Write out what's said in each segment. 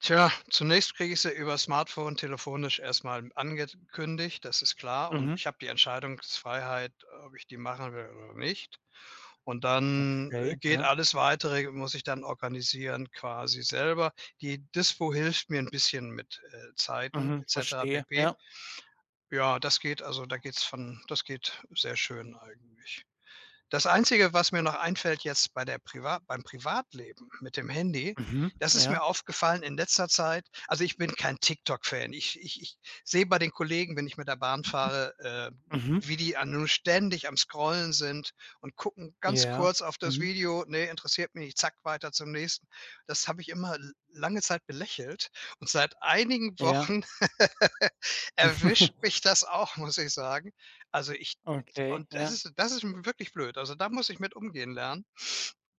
Tja, zunächst kriege ich sie über's Smartphone telefonisch erst mal angekündigt, das ist klar. Und Mhm. ich habe die Entscheidungsfreiheit, ob ich die machen will oder nicht. Und dann, äh, Okay, geht ja. alles Weitere muss ich dann organisieren quasi selber. Die Dispo hilft mir 'n bisschen mit, äh, Zeiten Mhm, etc. verstehe, pp. ja. Ja, das geht also da geht es von das geht sehr schön eigentlich. Das Einzige, was mir noch einfällt jetzt bei der priva beim Privatleben mit dem Handy, Mhm, das ist mir ja? aufgefallen in letzter Zeit. Also, ich bin kein TikTok Fan. Ich ich ich sehe bei den Kollegen, wenn ich mit der Bahn fahre, äh, Mhm. wie die a nu ständig am Scrollen sind und gucken ganz Ja, kurz auf das mhm. Video: „Ne, interessiert mich nicht, zack, weiter zum nächsten.“ Das habe ich immer l lange Zeit belächelt und seit einigen Ja. Wochen erwischt mich das auch, muss ich sagen. Also, ich Okay, und das ja. ist das ist n wirklich blöd. Also, da muss ich mit umgehen lernen,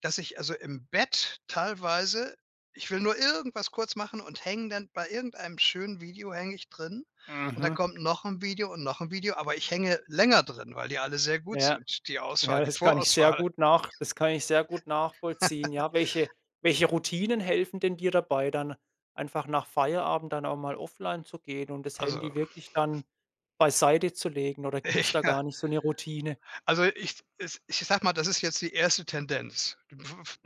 dass ich also im Bett teilweise ich will nur irgendwas kurz machen und hänge dann bei irgendeinem schönen Video hänge ich drin und dann Mhm. kommt noch 'n Video und noch 'n Video, aber ich hänge länger drin, weil die alle sehr gut Ja. sind, die Ja, Auswahl, die das kann ich sehr Vorauswahl. gut nach das kann ich sehr gut nachvollziehen. Ja, welche welche Routinen helfen denn dir dabei dann einfach nach Feierabend dann auch mal offline zu gehen und das Also, Handy hm wirklich dann beiseitezulegen oder gibt's da Ja. gar nicht so 'ne Routine? Also ich es ich sage mal, das ist jetzt die 1. Tendenz,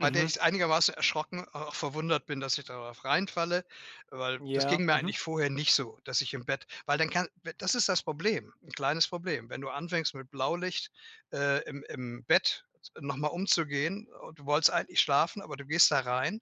bei der ich's einigermaßen erschrocken auch verwundert bin, dass ich darauf reinfalle, weil das Ja, ging mir mhm. eigentlich vorher nicht so, dass ich im Bett weil dann kann das ist das Problem 'n kleines Problem. Wenn du anfängst mit Blaulicht, äh, im im Bett noch mal umzugehen o du wolltest eigentlich schlafen, aber du gehst da rein,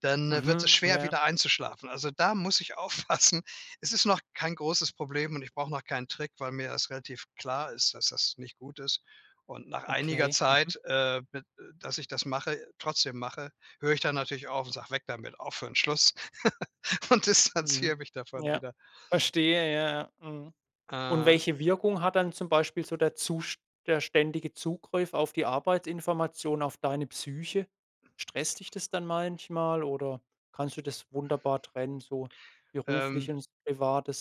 dann wird es Mhm, schwer ja. wieder einzuschlafen. Also, da muss ich aufpassen, es ist noch kein großes Problem und ich brauche noch keinen Trick, weil mir das relativ klar ist, dass das nicht gut ist. Und nach einiger Okay, mhm. Zeit, äh, b äh, dass ich das mache trotzdem mache, höre ich dann natürlich auf und sage: „Weg damit, aufhören, Schluss“, und Mhm, distanziere mich davon ja. wieder. Verstehe, ja, ja. Mhm. Und Aha. welche Wirkung hat dann zum Beispiel so der zust der ständige Zugriff auf die Arbeitsinformation, auf deine Psyche? Stresst dich das dann manchmal oder kannst du das wunderbar trennen, so Ähm beruflich und Privates?